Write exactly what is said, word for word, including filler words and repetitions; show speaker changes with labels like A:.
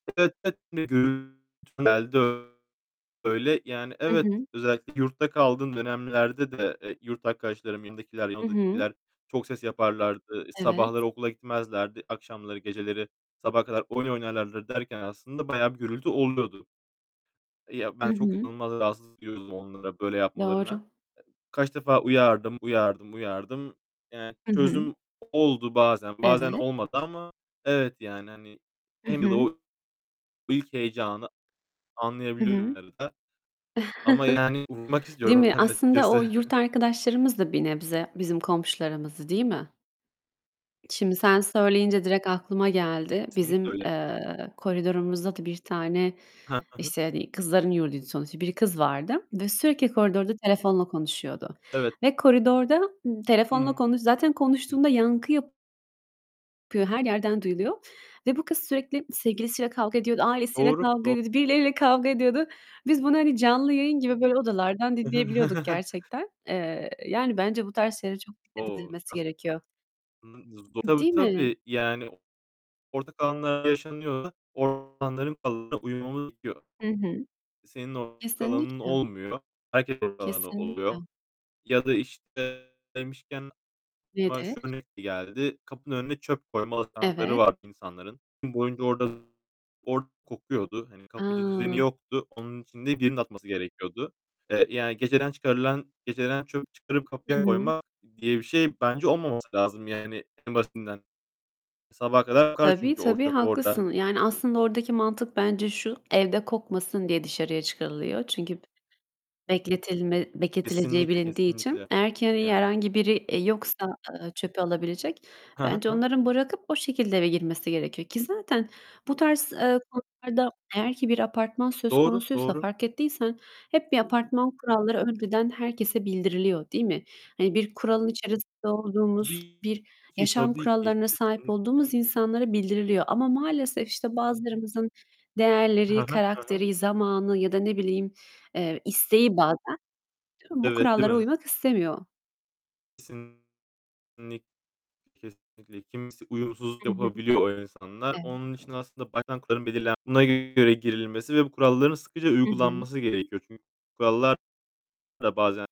A: [unintelligible] Öyle. Yani
B: Hı
A: evet,
B: hı.
A: özellikle yurtta kaldığım dönemlerde de, eee, yurt arkadaşlarım, yanımdakiler, yan
B: Hı hı.
A: odadakiler çok ses yaparlardı.
B: Evet.
A: Sabahları okula gitmezlerdi. Akşamları, geceleri sabaha kadar oyun oynarlardı derken aslında bayağı bir gürültü oluyordu. Ya,
B: Hı
A: ben çok
B: hı.
A: inanılmaz rahatsızlık duyuyordum onlara böyle yapmalarına.
B: Doğru.
A: Kaç defa uyardım, uyardım, uyardım. Yani
B: Hı hı.
A: çözüm oldu bazen bazen
B: Evet.
A: olmadı ama evet, yani hani
B: Hı
A: hem de
B: hı.
A: o ilk heyecanı
B: Hı
A: anlayabiliyorum
B: hı.
A: herhâlde ama yani uyumak
B: Değil
A: istiyorum
B: mi?
A: ben de
B: Aslında o
A: açıkçası.
B: yurt arkadaşlarımız da bir nebze bizim komşularımızdı, değil mi? Şimdi sen söyleyince direkt aklıma geldi.
A: Kesinlikle
B: Bizim,
A: öyle.
B: eee, koridorumuzda da bir tane,
A: Hah, hı hı.
B: işte, hani kızların yurduydu sonuçta, bir kız vardı ve sürekli koridorda telefonla konuşuyordu
A: Evet.
B: ve koridorda ım telefonla
A: Hımm.
B: konu zaten
A: Hı.
B: konuştuğunda yankı yapıyor. Her yerden duyuluyor ve bu kız sürekli sevgilisiyle kavga ediyordu, ailesiyle
A: Doğru,
B: kavga
A: doğ
B: ediyordu, birileriyle kavga ediyordu. Biz bunu hani canlı yayın gibi böyle odalardan dinleyebiliyorduk gerçekten. Eee, yani bence bu tarz şeylere çok dikkat
A: O!
B: edilmesi
A: Nas
B: gerekiyor.
A: [unintelligible]
B: Im
A: Tabii,
B: değil mi?
A: tabii. Yani ortak alanlarda yaşanıyorsa o alanların kuralına uymamız gerekiyor.
B: Hı hı.
A: Senin ortak alanın
B: Kesinlikle.
A: olmuyor, herkesin ortak alanı
B: Kesinlikle.
A: oluyor. Ya da, işte, demişken aklıma
B: Nedir?
A: şu örnek geldi: Kapının önüne çöp koyma alışkanlıkları
B: Evet.
A: vardı insanların. Gün boyunca orada orada kokuyordu. Hani kapıcı düzeni
B: A!
A: yoktu. Onun için de birinin atması gerekiyordu. Eee, yani geceden çıkarılan geceden çöp çıkarıp
B: Hı
A: kapıya
B: hı.
A: koymak diye bir şey bence olmaması lazım yani en basitinden. Sabaha kadar kokar
B: Tabii,
A: çünkü o
B: tabii,
A: çöp orada.
B: haklısın. Yani aslında oradaki mantık bence şu: Evde kokmasın diye dışarıya çıkarılıyor. Çünkü bekletilme bekletileceği
A: Kesinlikle,
B: bilindiği için.
A: kesinlikle.
B: Eğer ki hani
A: Yani.
B: herhangi biri, eee, yoksa, ııı, çöpü alabilecek,
A: Hı hı,
B: bence
A: hı.
B: onların bırakıp o şekilde eve girmesi gerekiyor ki zaten bu tarz, eee, konularda eğer ki bir apartman söz
A: Doğru,
B: konusuysa
A: doğru.
B: fark ettiysen hep bir apartman kuralları önceden herkese bildiriliyor, değil mi? Hani bir kuralın içerisinde olduğumuz,
A: Tabii
B: bir
A: ki,
B: yaşam
A: tabii ki.
B: kurallarına sahip
A: Kesinlik
B: olduğumuz insanlara bildiriliyor ama maalesef, işte, bazılarımızın
A: Hı
B: değerleri,
A: hı, hı hı.
B: karakteri, zamanı ya da ne bileyim, eee, isteği bazen bu
A: Evet, değil
B: kurallara
A: mi?
B: uymak istemiyor.
A: Kesinlikle, kesinlikle. Kimisi uyumsuzluk
B: Hı hı.
A: yapabiliyor o insanlar.
B: Evet.
A: Onun için de aslında baştan kuralın belirlen buna göre girilmesi ve bu kuralların sıkıca
B: Hı hı.
A: uygulanması gerekiyor. Çünkü kurallar da bazen